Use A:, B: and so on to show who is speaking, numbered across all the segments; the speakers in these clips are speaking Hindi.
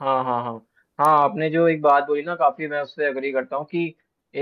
A: हाँ, हाँ, हाँ। हाँ, आपने जो एक बात बोली ना काफ़ी मैं उससे अग्री करता हूँ कि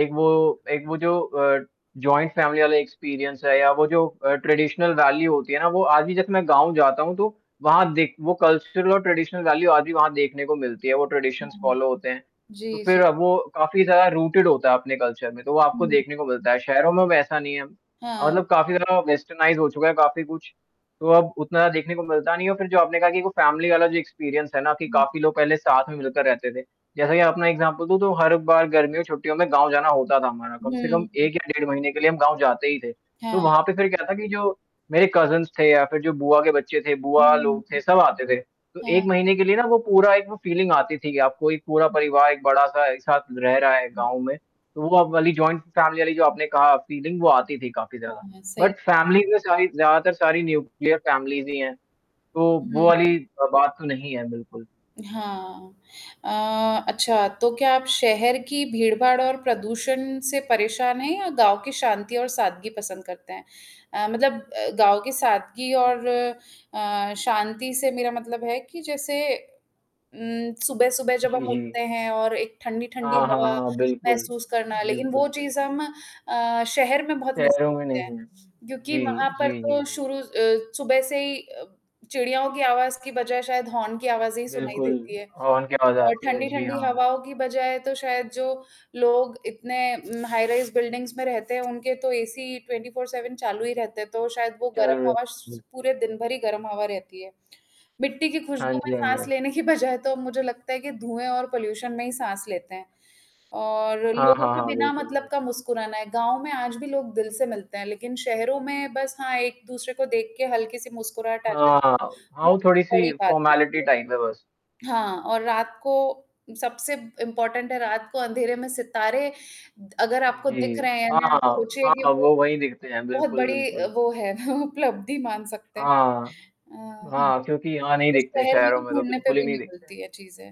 A: एक वो एक वो जो अ, जॉइंट फैमिली वाला एक्सपीरियंस है या वो जो अ, ट्रेडिशनल वैल्यू होती है ना, वो आज भी जैसे मैं गाँव जाता हूँ तो वहाँ देख वो कल्चर और ट्रेडिशनल वैल्यू आज भी वहाँ देखने को मिलती है वो ट्रेडिशंस
B: हाँ,
A: फ़ॉलो होते हैं तो
B: जी,
A: फिर
B: जी।
A: वो काफ़ी ज़्यादा रूटेड होता है अपने कल्चर में तो वो आपको
B: हुँ।
A: देखने को मिलता है। शहरों में वैसा नहीं है अ,
B: हाँ।
A: मतलब काफ़ी ज़्यादा वेस्टर्नाइज़ हो चुका है काफ़ी कुछ तो अब उतना ज़्यादा देखने को मिलता नहीं है। और फिर जो आपने कहा कि एक वो फैमिली बाला जो एक्सपीरियंस है ना, कि
B: हाँ।
A: काफ़ी लोग पहले साथ में मिलकर रहते थे। जैसा कि आपना एक्ज़ाम्पल दूँ तो हर बार गर्मियों छुट्टियों में गाँव जाना होता था हमारा कम से
B: हुँ,
A: कम
B: हुँ।
A: 1 या डेढ़ महीने के लिए हम गाँव जाते ही थे, तो
B: हाँ।
A: वहाँ पे फिर क्या था कि जो मेरे कज़िन्स थे या फिर जो बुआ के बच्चे थे बुआ
B: हुँ,
A: लोग थे सब आते थे तो 1
B: हाँ।
A: महीने के लिए ना वो पूरा एक वो फ़ीलिंग आती थी कि आपको एक पूरा परिवार एक बड़ा-सा एक साथ रह रहा है गाँव में तो वो वाली जॉइंट फैमिली वाली जो आपने कहा फीलिंग वो आती थी काफ़ी ज़्यादा
B: हाँ, सही
A: बट
B: ब
A: फ़ैमिलीज़ में सारी ज़्यादातर सारी न्यूक्लियर फ़ैमिलीज़ ही हैं तो वो
B: हुँ।
A: वाली अ, बात तो नहीं है, बिल्कुल।
B: हाँ, अ, अच्छा, तो क्या आप शहर की भीड़-भाड़ और प्रदूषण से परेशान हैं या गाँव की शांति और सादगी पसंद करते हैं? अ, मतलब अ, गाँव की सादगी और अ, शांति से मेरा मतलब है कि जैसे उम, सुबह-सुबह जब
A: जी,
B: हम
A: जी।
B: उठते हैं और एक ठंडी-ठंडी
A: हाँ, हाँ,
B: हवा
A: हाँ, बिल्कुल।
B: महसूस करना लेकिन
A: बिल्कुल,
B: वो चीज़
A: बिल्कुल।
B: हम अ, शहर में बहुत मिस
A: शहरों में
B: करते हैं
A: नहीं है,
B: क्योंकि
A: जी,
B: वहाँ पर
A: जी,
B: तो
A: जी।
B: शुरू अ, सुबह से ही अ, चिड़ियाओं की आवाज़ की बजाय शायद हॉर्न की आवाज़ें ही सुनाई
A: बिल्कुल,
B: देती है
A: हॉर्न की आवाज़
B: और
A: आती है। जी
B: ठंडी-ठंडी
A: हाँ।
B: हवाओं की बजाय तो शायद जो लोग इतने उम, हाइराइज़ बिल्डिंग्स में रहते हैं उनके तो एसी 24/7 चालू ही रहते हैं तो शायद वो
A: ज़रूर
B: गर्म
A: है
B: हवा स
A: बिल
B: पूरे दिन भर ही गर्म हवा रहती है। मिट्टी की
A: हाँ
B: खुशबू में
A: जी, हाँ जी,
B: साँस
A: हाँ जी।
B: लेने की बजाय तो अब मुझे लगता है कि धुएँ और पॉल्यूशन में ही साँस लेते हैं और
A: हाँ,
B: लोगों
A: हाँ,
B: का
A: हाँ,
B: बिना
A: बिल्कुल,
B: मतलब का
A: बिल
B: मुस्कुराना है। गाँव में आज भी लोग दिल से मिलते हैं लेकिन शहरों में बस हाँ एक-दूसरे को देख के हल्की-सी मुस्कुराहट आ जाए
A: हाँ, हाँ। हाँ,
B: वो
A: वो थोड़ी-सी
B: बड़ी बात होती
A: फ़ॉर्मालिटी टाइप है बस।
B: है। हाँ, और रात को सबसे इम्पोर्टेंट है रात को अंधेरे में सितारे द अगर आपको दिख
A: जी,
B: रहे हैं
A: हाँ,
B: ना
A: हाँ।
B: सोचिए कि
A: हाँ,
B: वो,
A: वो वहीं दिखते हैं।
B: बहुत
A: बिल्कुल,
B: बड़ी अ,
A: बिल्कुल।
B: वो है उपलब्धि मान सकते हैं।
A: हाँ।
B: अ,
A: हाँ, क्योंकि यहाँ नहीं
B: उस
A: दिखते
B: शहर में
A: शहरों
B: तो
A: में तो
B: ढूँढने पे
A: बिल्कुल ही
B: भी
A: नहीं
B: नहीं
A: दिखते।
B: मिलती है चीज़ें।